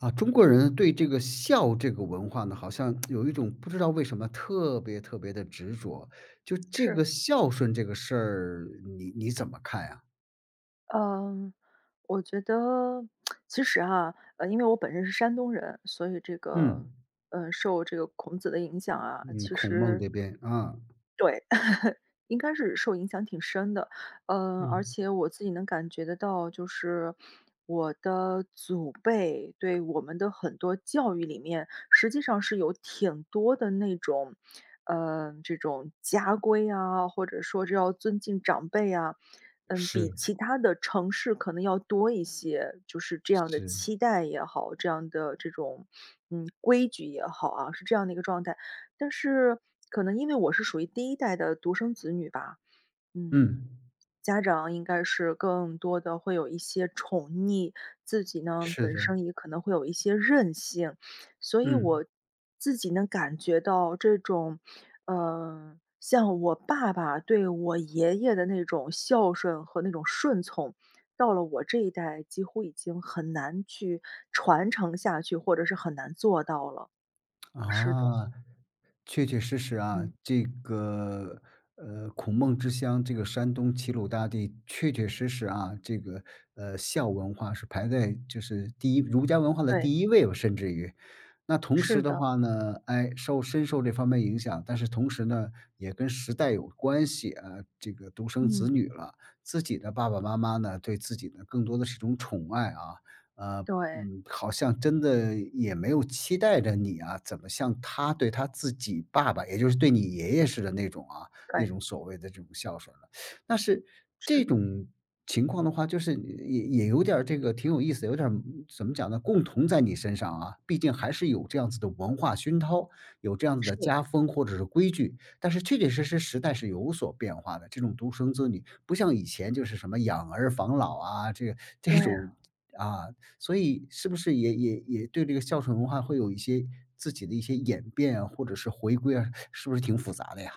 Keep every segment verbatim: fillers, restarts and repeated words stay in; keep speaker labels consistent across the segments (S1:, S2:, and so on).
S1: 啊，中国人对这个孝这个文化呢，好像 有一种不知道为什么特别特别地执着，就这
S2: 是。
S1: 个孝顺这个事儿，你你怎么看呀？
S2: 呃，我觉得，其实哈，呃，因为我本身是山东人，所以这
S1: 嗯。
S2: 个，呃，受这个孔子的影响啊，
S1: 嗯，
S2: 其
S1: 孔孟
S2: 实
S1: 这边，啊。
S2: 对，应该是受影响挺深的。呃，而
S1: 嗯。
S2: 且我自己能感觉得到就是，我的祖辈对我们的很多教育里面，实际上是有挺多的那种呃，这种家规啊，或者说至要尊敬长辈啊。嗯，比
S1: 是。
S2: 其他的城市可能要多一些，就是这样的
S1: 是。
S2: 期待也好，这样的这种，嗯，规矩也好啊，是这样的一个状态。但是可能因为我是属于第一代的独生子女吧，嗯，
S1: 嗯。
S2: 家长应该是更多的会有一些宠溺，自己呢，
S1: 是
S2: 本
S1: 的。
S2: 身也可能会有一些任性，所以
S1: 嗯。
S2: 我，自己能感觉到，这种，呃，像我爸爸对我爷爷的那种孝顺和那种顺从，到了我这一代几乎已经很难去传承下去，或者是很难做到了。是的。
S1: 啊，确确实实啊，
S2: 嗯。
S1: 这个，呃，孔孟之乡，这个山东齐鲁大地，确确实实啊，这个，呃，孝文化是排在就是第一儒家文化的
S2: 对。
S1: 第一位，甚至于，那同时
S2: 是
S1: 的
S2: 的。
S1: 话呢，唉，受深受这方面影响，但是同时呢，也跟时代有关系啊，这个独生子
S2: 嗯。
S1: 女了，自己的爸爸妈妈呢，对自己呢，更多的是种宠爱啊，啊，
S2: 对。
S1: 嗯，好像真的也没有期待着你啊，怎么像他对他自己爸爸，也就是对你爷爷似的那种啊那
S2: 对。
S1: 种所谓的这种孝顺了，那是，这
S2: 是。
S1: 种情况的话就是也也有点儿这个挺有意思，有点儿怎么讲呢，共同在你身上啊，毕竟还是有这样子的文化熏陶，有这样子的
S2: 是。
S1: 家风，或者是规矩，但是确确实实时代是有所变化的，这种独生子女，不像以前就是什么养儿防老啊，这这
S2: 对
S1: 种，
S2: 啊。
S1: 啊，所以是不是也也也对这个孝顺文化会有一些自己的一些演变啊，或者是回归啊，是不是挺复杂的呀？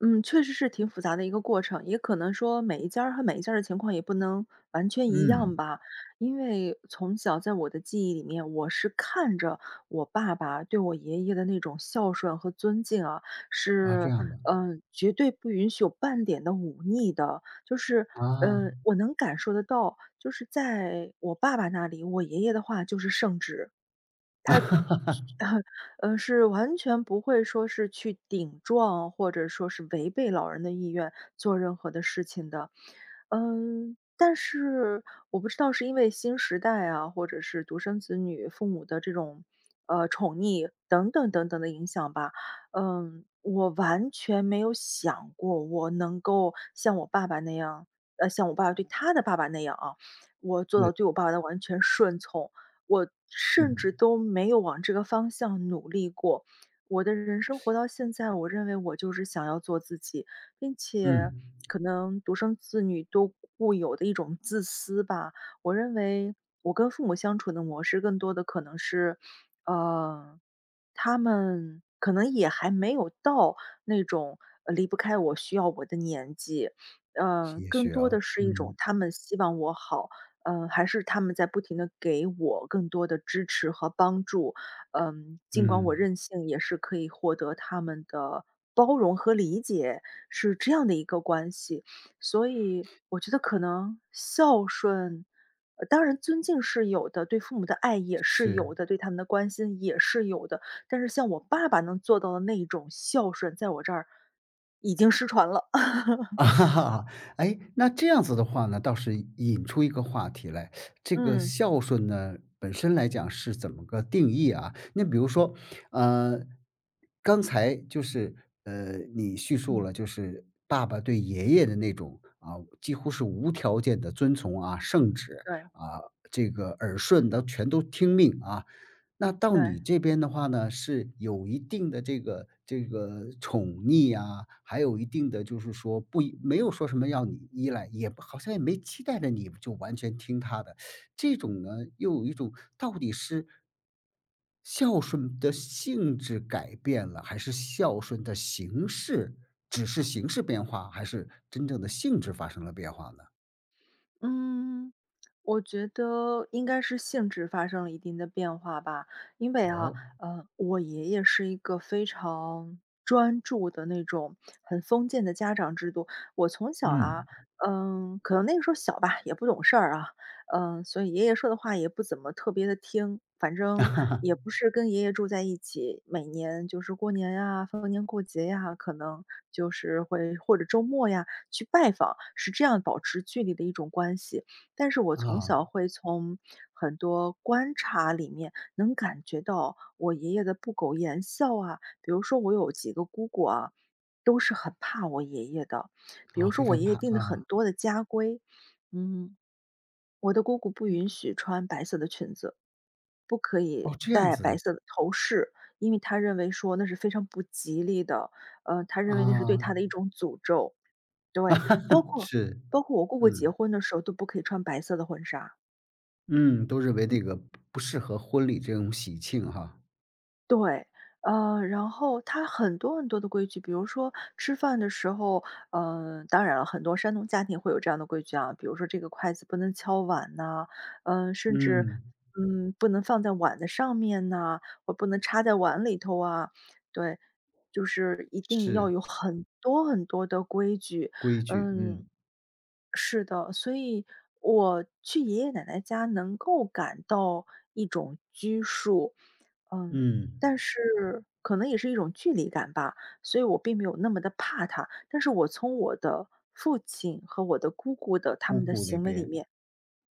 S2: 嗯，确实是挺复杂的一个过程，也可能说每一家儿和每一家儿的情况也不能，完全一样
S1: 嗯。
S2: 吧。因为，从小在我的记忆里面，我是看着，我爸爸对我爷爷的那种孝顺和尊敬啊，
S1: 啊，这
S2: 是，
S1: 样的。
S2: 嗯，绝对不允许有半点的忤逆的，就是，嗯，
S1: 啊。
S2: 我能感受得到，就是在，我爸爸那里，我爷爷的话就是圣旨。他 是完全不会说是去顶撞，或者说是违背老人的意愿，做任何的事情的。嗯，但是，我不知道是因为新时代啊，或者是独生子女父母的这种，呃，宠溺，等等等等的影响吧，嗯，我完全没有想过我能够像我爸爸那样，呃，像我爸爸对他的爸爸那样啊，我做
S1: 对。
S2: 到对我爸爸的完全顺从，我甚至
S1: 嗯。
S2: 都没有往这个方向努力过。我的人生活到现在，我认为我就是想要做自己。并且，
S1: 嗯。
S2: 可能独生子女都固有的一种自私吧，我认为，我跟父母相处的模式更多的可能是，呃，他们，可能也还没有到那种离不开我、需要我的年纪，呃，
S1: 也
S2: 更
S1: 许
S2: 多
S1: 啊，
S2: 的是一种
S1: 嗯。
S2: 他们希望我好，呃，还是他们在不停地给我更多的支持和帮助。嗯，尽管我
S1: 嗯。
S2: 任性也是可以获得他们的，包容和理解，是这样的一个关系。所以，我觉得可能孝顺当然尊敬是有的，对父母的爱也是
S1: 是。
S2: 有的，对他们的关心也是有的，但是像我爸爸能做到的那一种孝顺，在我这儿，已经失传了。
S1: 哎，那这样子的话呢，倒是引出一个话题来。这个
S2: 嗯。
S1: 孝顺呢，本身来讲是怎么个定义啊？那比如说，啊，刚才就是，嗯，你叙述
S2: 嗯。
S1: 了就是爸爸对爷爷的那种，啊，几乎是无条件的遵从啊，圣旨，
S2: 对。
S1: 啊，这个耳顺的全都听命啊。那到你
S2: 对。
S1: 这边的话呢，是有一定的这个这个宠溺啊，还有一定的就是说不一没有说什么要你依赖，也不好像也没期待着你就完全听他的，这种呢，又有一种，到底是孝顺的性质改变了？还是孝顺的形式只是形式变化？还是真正的性质发生了变化呢？
S2: 嗯。我觉得应该是性质发生了一定的变化吧。因为啊，
S1: 哦。
S2: 呃，我爷爷是一个非常，专注的那种，很封建的家长制度。我从小啊，
S1: 嗯。
S2: 嗯，可能那个时候小吧，也不懂事儿啊。嗯，所以爷爷说的话也不怎么特别地听，反正，也不 是跟爷爷住在一起。每年就是过年呀、逢年过节呀，可能，就是会或者周末呀，去拜访，是这样保持距离的一种关系。但是我从
S1: 哦。
S2: 小会从，很多观察里面能感觉到，我爷爷的不苟言笑啊。比如说我有几个姑姑啊，都是很怕我爷爷的，比
S1: 啊，
S2: 如说
S1: 非
S2: 我
S1: 常
S2: 爷爷
S1: 怕。
S2: 定的很
S1: 啊。
S2: 多的家规。嗯，我的姑姑不允许，穿白色的裙子，不可
S1: 哦，
S2: 以
S1: 这样
S2: 戴
S1: 子
S2: 白
S1: 的。
S2: 色的头饰，因为他认为说那是非常不吉利的。呃，他认为那是对
S1: 啊。
S2: 他的一种诅咒。对，包 括
S1: 是，
S2: 包括我姑姑结
S1: 嗯。
S2: 婚的时候都不可以穿白色的婚纱。
S1: 嗯，都认为那个，不不适合婚礼这种喜庆哈。
S2: 对，呃，然后他很多很多的规矩，比如说，吃饭的时候，呃当然了，很多山东家庭会有这样的规矩啊。比如说这个筷子不能敲碗呐，嗯甚至，
S1: 嗯。
S2: 嗯，不能放在碗的上面呐，或不能插在碗里头啊。对，就是一定要
S1: 是。
S2: 有很多很多的规矩，
S1: 规矩，嗯。
S2: 嗯，是的。所以，我去爷爷奶奶家能够感到一种拘束，嗯，
S1: 嗯。
S2: 但是，可能也是一种距离感吧，所以我并没有那么地怕他，但是我从我的父亲和我的姑姑的他
S1: 姑
S2: 们的
S1: 姑那
S2: 行为里
S1: 边，
S2: 面，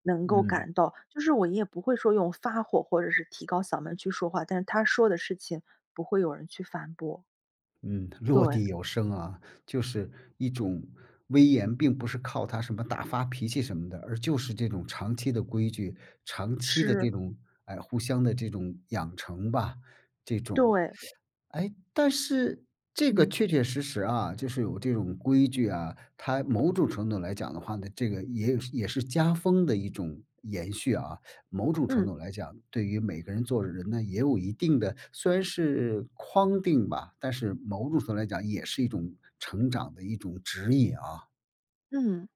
S2: 能够
S1: 嗯。
S2: 感到就是我爷爷不会说用发火，或者是提高嗓门去说话，但是他说的事情，不会有人去反驳。
S1: 嗯，落
S2: 对。
S1: 地有声啊，就是一种威严并不是靠他什么大发脾气什么的，而就是这种长期的规矩，长期的
S2: 是。
S1: 这种，哎，互相的这种养成吧，这种
S2: 对。
S1: 诶，但是这个
S2: 嗯。
S1: 确确实实啊，就是有这种规矩啊，它某种程度上来讲的话呢，这个也也是家风的一种延续啊，某种程度
S2: 嗯。
S1: 上来讲，对于每个人做人呢也有一定的虽然是框定吧，但是某种程度来讲也是一种成长的一种指引啊。
S2: 嗯。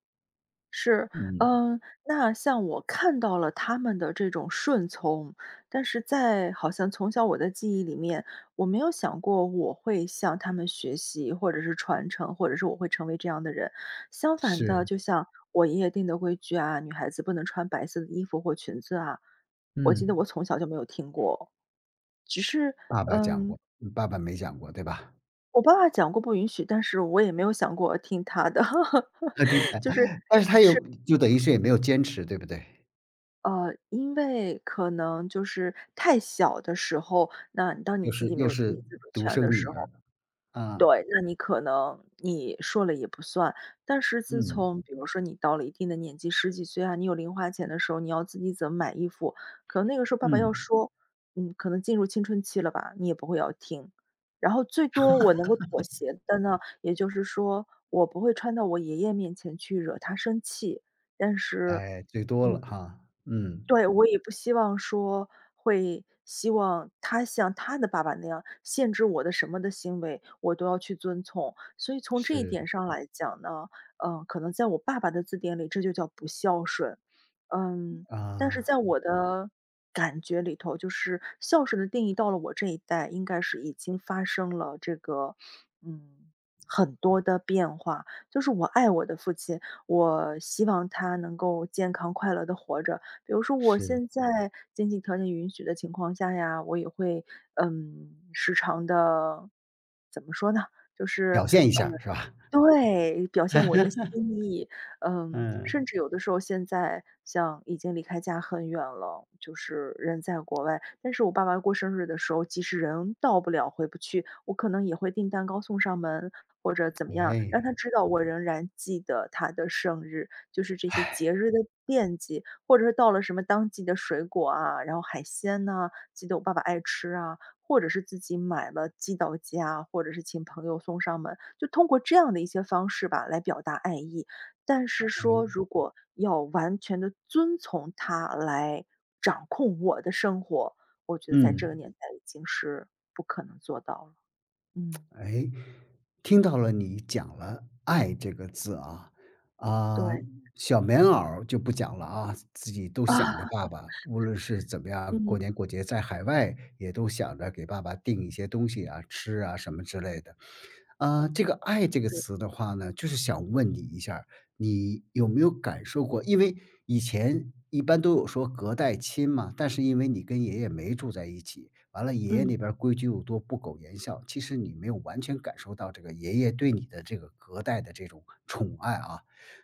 S2: 是，
S1: 嗯。
S2: 嗯，那像我看到了他们的这种顺从，但是在，好像从小我的记忆里面，我没有想过我会向他们学习或者是传承，或者是我会成为这样的人。相反的，
S1: 是。
S2: 就像，我爷爷定的规矩啊，女孩子不能穿白色的衣服或裙子啊，我记得
S1: 嗯。
S2: 我从小就没有听过，只是，
S1: 爸爸讲
S2: 嗯
S1: 过。爸爸没讲过，对吧？
S2: 我爸讲过不允许，但是我也没有想过听他的，
S1: 肯定的，
S2: 就是
S1: 但是他又
S2: 是。
S1: 就等于是也没有坚持，对不对？
S2: 呃，因为可能就是，太小的时候，那当你
S1: 又
S2: 自
S1: 是
S2: 己没
S1: 又
S2: 有自己
S1: 是，
S2: 自主
S1: 独
S2: 权
S1: 生
S2: 的
S1: 女
S2: 时候
S1: 儿，啊。
S2: 对。那你可能，你说了也不算。但是自
S1: 嗯。
S2: 从比如说你到了一定的年纪，十几岁啊，你有零花钱的时候，你要自己怎么买衣服。可能那个时候爸爸要
S1: 嗯。
S2: 说，嗯，你可能进入青春期了吧，你也不会要听。然后最多我能够妥协的呢，也就是说我不会穿到我爷爷面前去惹他生气。但是
S1: 诶，最多了
S2: 嗯。
S1: 哈，嗯。
S2: 对，我也不希望说，会，希望他像他的爸爸那样，限制我的什么的行为，我都要去遵从。所以从这一点
S1: 是。
S2: 上来讲呢，呃，可能在我爸爸的字典里，这就叫“不孝顺”。嗯，但是
S1: 啊。
S2: 在我的，感觉里头，就是“孝顺”的定义到了我这一代应该是已经发生了，这个，嗯，很多的变化。就是我爱我的父亲，我希望他能够健康、快乐地活着。比如说我
S1: 是。
S2: 现在，经济条件允许的情况下呀，我也会，嗯，时常地，怎么说呢？就是
S1: 表现一下儿，是吧？
S2: 嗯，对，表现我的 心意。嗯，甚
S1: 嗯。
S2: 至有的时候现在，像已经离开家很远了，就是人在国外。但是我爸爸过生日的时候，即使人到不了、回不去，我可能也会订蛋糕送上门或者怎么样，让
S1: 诶。
S2: 他知道我仍然记得他的生日，就是这些节日 的惦记。或者是到了什么当季的水果啊，然后海鲜呐，记得我爸爸爱吃啊，或者是自己买了寄到家，或者是请朋友送上门，就通过这样的一些方式吧来表达爱意。但是说
S1: 哎。
S2: 如果，要完全地遵从他来，掌控我的生活，我觉得在这个
S1: 嗯。
S2: 年代已经是，不可能做到了。嗯。
S1: 诶，听到了你讲了爱这个字啊。啊，
S2: 对。
S1: 小棉袄儿就不讲了啊，自己都想着 爸爸，无论是怎么样，过年
S2: 嗯。
S1: 过节，在海外也都想着给爸爸定一些东西啊，吃啊什么之类的。啊，这个“爱”这个词的话呢，就是想问你一下儿，你，有没有感受过？因为以前，一般都有说隔代亲嘛，但是因为你跟爷爷没住在一起，完了爷爷
S2: 嗯。
S1: 那边儿规矩又多、不苟言笑，其实你没有完全感受到这个爷爷对你的这个隔代的这种，宠爱啊。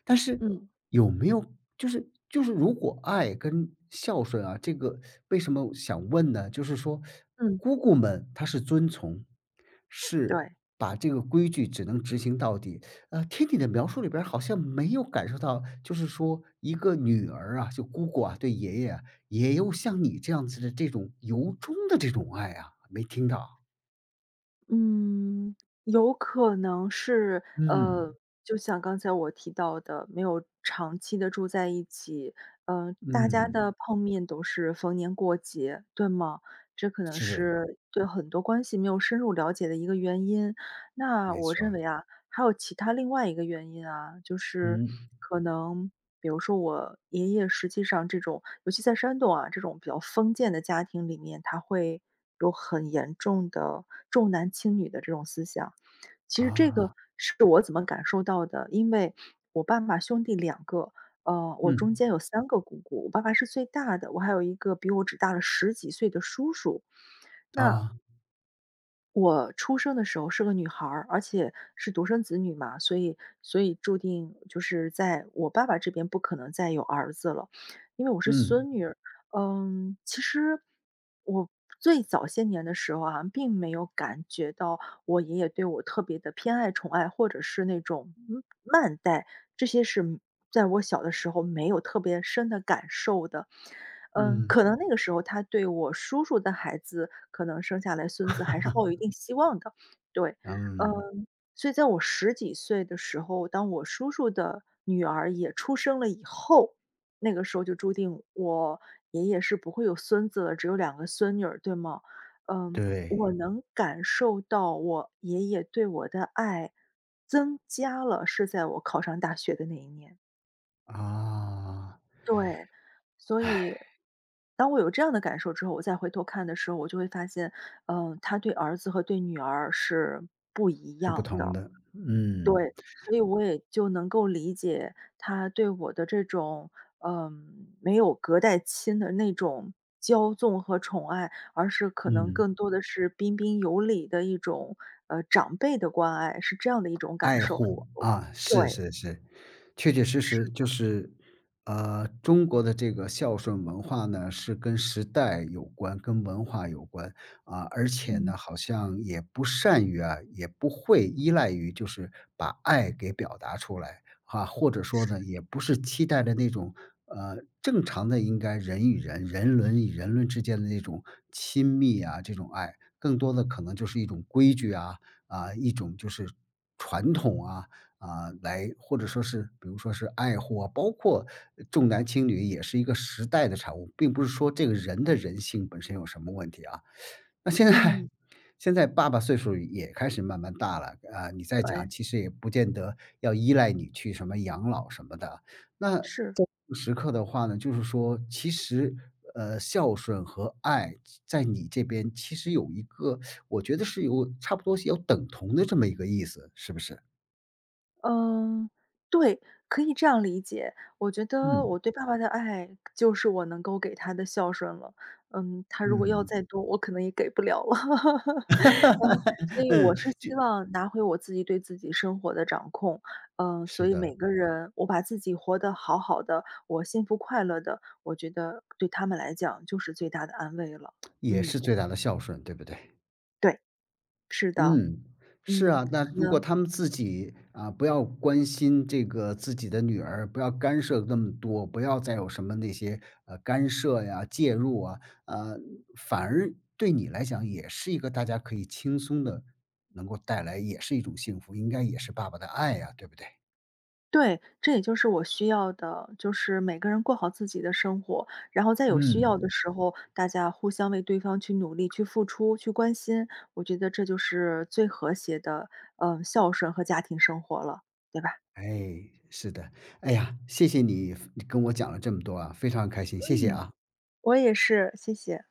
S1: 但是
S2: 嗯。
S1: 有没有就是就是如果“爱”跟“孝顺”啊，这个为什么想问呢？就是说，
S2: 嗯。
S1: 姑姑们她是遵从，是，
S2: 对。
S1: 把这个规矩只能执行到底。啊，听你的描述里边儿好像没有感受到，就是说，一个女儿啊，就姑姑啊，对爷爷，也有像你这样子的这种由衷的这种爱啊，没听到。
S2: 嗯，有可能是呃，
S1: 嗯。
S2: 就像刚才我提到的没有长期地住在一起，呃，大家
S1: 嗯。
S2: 的碰面陡是逢年过节，对吗？这可能
S1: 指。
S2: 是对很多关系没有深入了解的一个原因。那
S1: 没
S2: 我
S1: 错
S2: 认
S1: 儿。
S2: 为啊，还有其它另外一个原因啊，就是
S1: 嗯。
S2: 可能，比如说我爷爷实际上这种尤其在山东啊，这种比较封建的家庭里面，它会，有很严重的，重男轻女的这种思想。其实这个
S1: 啊。
S2: 是我怎么感受到的，因为，我爸爸兄弟两个，呃，我中
S1: 嗯。
S2: 间有三个姑姑，我爸爸是最大的，我还有一个比我只大了十几岁的叔叔，那
S1: 啊。
S2: 我出生的时候是个女孩儿，而且是独生子女嘛，所以所以注定就是在我爸爸这边不可能再有儿子了，因为我是
S1: 嗯。
S2: 孙女儿。嗯，其实我最早些年的时候啊，并没有感觉到我爷爷对我特别地偏爱、宠爱，或者是那种，嗯，慢待，这些是嗯，在我小的时候没有特别深的感受的。嗯，
S1: 嗯。
S2: 可能那个时候他对我叔叔的孩子，可能生下来孙子还是抱有一 定希望的，对。
S1: 嗯。
S2: 嗯，所以在我十几岁的时候，当我叔叔的女儿也出生了以后，那个时候就注定，我爷爷是不会有孙子，只有两个孙女儿，对吗？嗯，
S1: 对。
S2: 我能感受到我爷爷对我的爱增加了，是在我考上大学的那一年。
S1: 啊。
S2: 对，所以，当我有这样的感受之后，我再回头看的时候，我就会发现，呃，他对儿子和对女儿是不一
S1: 是不
S2: 样
S1: 同
S2: 的，
S1: 的，嗯。
S2: 对，所以我也就能够理解，他对我的这种，嗯，没有隔代亲的那种，骄纵和宠爱，而是可能
S1: 嗯。
S2: 更多的是彬彬有礼的一种，呃长辈的关爱，是这样的一种感
S1: 爱
S2: 受。
S1: 护，啊，是
S2: 对。
S1: 是是，确确实实
S2: 是
S1: 就
S2: 的。
S1: 是，呃，中国的这个孝顺文化呢，是跟时代有关、跟文化有关，啊，而且
S2: 嗯。
S1: 呢，好像也不善于啊，也不会依赖于就是把爱给表达出来，哈，或者说呢，
S2: 是。
S1: 也不是期待的那种，呃，正常的应该人与人人伦与人伦之间的那种，亲密啊这种爱，更多的可能就是一种规矩啊，啊，一种就是，传统啊，啊，来或者说是比如说是“爱护”啊，包括呃“重男轻女”也是一个时代的产物，并不是说这个人的人性本身有什么问题啊。那现在
S2: 嗯。
S1: 现在爸爸岁数也开始慢慢大了，啊，你再讲
S2: 对。
S1: 其实也不见得要依赖你去什么养老什么的，那这种
S2: 是。
S1: 时刻的话呢，就是说，其实，呃，“孝顺”和“爱”在你这边其实有一个，我觉得是有差不多是有等同的这么一个意思，是不是？
S2: 嗯，对，可以这样理解。我觉得
S1: 嗯。
S2: 我对爸爸的爱，就是我能够给他的孝顺了，嗯，他如果要
S1: 嗯。
S2: 再多，我可能也给不了了。嗯，所 以我
S1: 嗯，
S2: 是
S1: 就
S2: 希望拿回我自己对自己生活的掌控。呃，所
S1: 是
S2: 以每
S1: 的。
S2: 个人，我把自己活得好好的，我幸福快乐的，我觉得，对他们来讲就是最大的安慰了，
S1: 也是
S2: 嗯。
S1: 最大的孝顺，对不对？
S2: 对。是的。
S1: 嗯，是
S2: 嗯。
S1: 啊，那如果
S2: 呃。
S1: 他们自己，啊不要关心这个自己的女儿，不要干涉那么多，不要再有什么那些，呃，干涉呀、介入啊，啊，反而对你来讲也是一个大家可以轻松地，能够带来也是一种幸福，应该也是爸爸的爱啊，对不对？
S2: 对，这也就是我需要的，就是每个人过好自己的生活，然后在有需要的
S1: 嗯。
S2: 时候，大家互相为对方去努力、去付出、去关心，我觉得这就是，最和谐的，呃，孝顺和家庭生活了，对吧？
S1: 哎，是的。哎呀，谢谢你分跟我讲了这么多啊，非常开心，谢谢
S2: 嗯，
S1: 啊。
S2: 我也是，谢谢。